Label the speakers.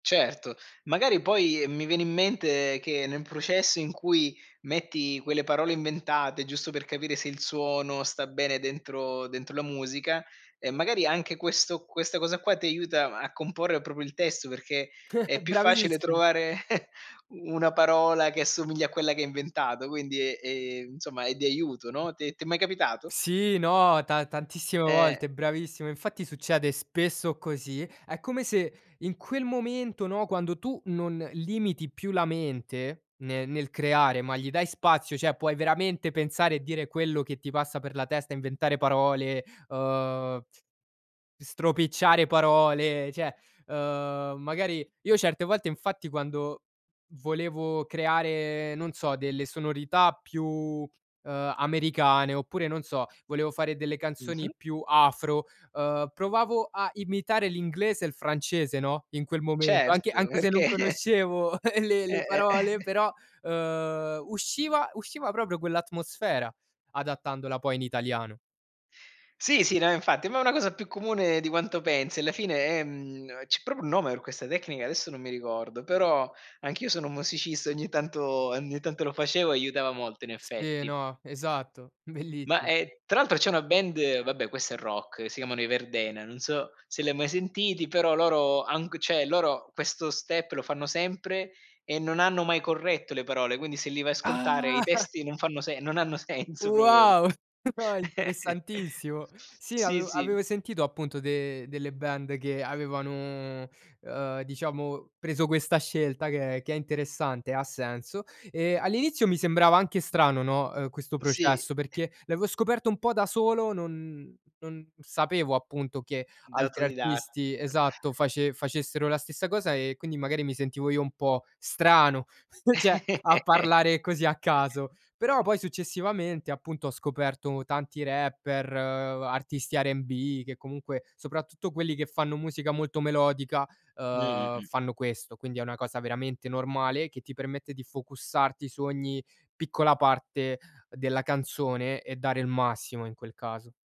Speaker 1: Certo. Magari poi mi viene in mente che nel processo in cui metti quelle parole inventate, giusto per capire se il suono sta bene dentro dentro la musica, e magari anche questo questa cosa qua ti aiuta a comporre proprio il testo perché è più facile
Speaker 2: Bravissim
Speaker 1: trovare, una parola che assomiglia a quella che hai inventato, quindi, ehm, insomma è di aiuto, no. T'è t'è mai capitato?
Speaker 2: Sì, no, ta tantissime
Speaker 1: Eh.
Speaker 2: volte, bravissimo, infatti succede spesso così. È come se in quel momento, no, quando tu non limiti più la mente ne nel creare, ma gli dai spazio, cioè puoi veramente pensare e dire quello che ti passa per la testa, inventare parole, uhm, stropicciare parole, cioè, uhm, magari io certe volte infatti quando volevo creare, non so delle sonorità più, uhm, americane oppure, non so, volevo fare delle canzoni
Speaker 1: Mh-mh.
Speaker 2: più afro, uhm, provavo a imitare l'inglese e il francese, no. In quel momento, anche
Speaker 1: Certo,
Speaker 2: anche se non
Speaker 1: perché
Speaker 2: conoscevo le le
Speaker 1: Eh, eh
Speaker 2: parole però, uhm, usciva usciva proprio quell'atmosfera adattandola poi in italiano.
Speaker 1: Sì, sì no infatti, ma è una cosa più comune di quanto pensi, alla fine è mhmm, c'è proprio un nome per questa tecnica, adesso non mi ricordo, però anch'io sono un musicista, ogni tanto ogni tanto lo facevo e aiutava molto in
Speaker 2: Se,
Speaker 1: effetti.
Speaker 2: no, esatto,
Speaker 1: Ma,
Speaker 2: bellissimo.
Speaker 1: e tra l'altro c'è una band, vabbè questa è rock, si chiamano i Verdena, non so se l'hai mai sentiti, però loro, han g cioè, loro questo step lo fanno sempre e non hanno mai corretto le parole, quindi se li vai a
Speaker 2: Ah.
Speaker 1: ascoltare i testi non fanno se non hanno senso
Speaker 2: Wow, no,
Speaker 1: [unintelligible]
Speaker 2: interessantissimo. Sì
Speaker 1: Sì,
Speaker 2: avevo
Speaker 1: sì.
Speaker 2: avevo sentito appunto de delle band che avevano, uhm, diciamo preso questa scelta che è che è interessante, ha senso. Ehm, all'inizio mi sembrava anche strano, no, uhm, questo
Speaker 1: Sì.
Speaker 2: processo perché l'avevo scoperto un po' da solo, non non sapevo appunto che
Speaker 1: Da
Speaker 2: altri
Speaker 1: autodida
Speaker 2: artisti esatto, face facessero la stessa cosa e quindi magari mi sentivo io un po' strano, cioè a parlare così a caso. Però poi successivamente appunto, ho scoperto tanti rapper, uhm, artisti R&B che comunque soprattutto quelli che fanno musica molto melodica,
Speaker 1: Mh-mh,
Speaker 2: uhm,
Speaker 1: mh.
Speaker 2: fanno questo. Quindi è una cosa veramente normale che ti permette di focusarti su ogni piccola parte della canzone e dare il massimo in quel caso.